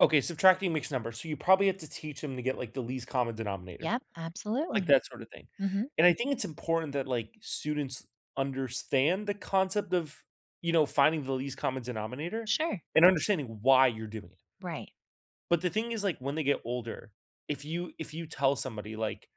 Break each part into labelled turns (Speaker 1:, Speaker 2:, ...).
Speaker 1: Okay, subtracting mixed numbers, so you probably have to teach them to get, like, the least common denominator,
Speaker 2: Yep,
Speaker 1: like,
Speaker 2: absolutely.
Speaker 1: that sorta thing,
Speaker 2: Mhm.
Speaker 1: and I think it's important that, like, students understand the concept of, you know, finding the least common denominator
Speaker 2: Sure.
Speaker 1: and understanding why you're doing it.
Speaker 2: Right.
Speaker 1: But the thing is, like, when they get older, if you if you tell somebody, like,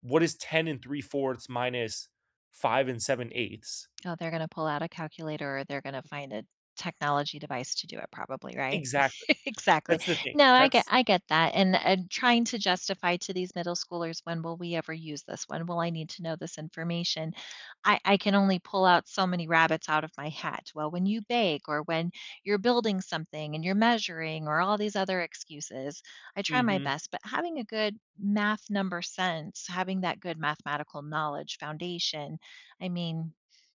Speaker 1: "What is 10 3/4 minus 5 7/8?"
Speaker 2: Oh, they're gonna pull out a calculator or they're gonna find a technology device to do it probably, right?
Speaker 1: Exactly.
Speaker 2: Exactly,
Speaker 1: That's the thing,
Speaker 2: no, I get
Speaker 1: that's
Speaker 2: I get that, and and trying to justify to these middle schoolers, "When will we ever use this?" "When will I need to know this information?" I I can only pull out so many rabbits out of my hat: "Well, when you bake or when you're building something and you're measuring," or all these other excuses, I try my
Speaker 1: Mhm.
Speaker 2: best, but having a good math number sense, having that good mathematical knowledge foundation, I mean,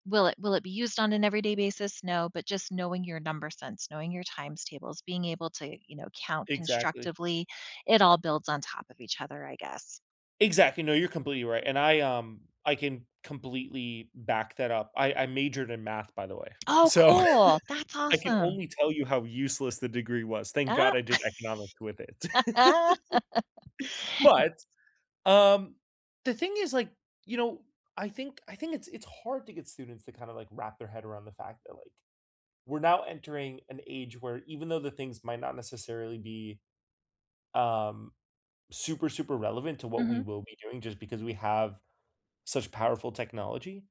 Speaker 2: will it will it be used on an everyday basis? No, but just knowing your number sense, knowing your times tables, being able to, you know, count
Speaker 1: Exactly.
Speaker 2: constructively, it all builds on top of each other, I guess.
Speaker 1: Exactly, no, you're completely right, and I, um I can completely back that up, I I majored in math, by the way,
Speaker 2: Oh,
Speaker 1: so
Speaker 2: cool! That's
Speaker 1: I can
Speaker 2: awesome.
Speaker 1: only tell you how useless the degree was, thank
Speaker 2: Oh
Speaker 1: god I did economics with it.
Speaker 2: m
Speaker 1: But, um, the thing is, like, you know, I think I think it's it's hard to get students to kinda, like, wrap their head around the fact that, like, we're now entering an age where even though the things might not necessarily be, um, super, super relevant to what we
Speaker 2: Mhm.
Speaker 1: will be doing just because we have such powerful technology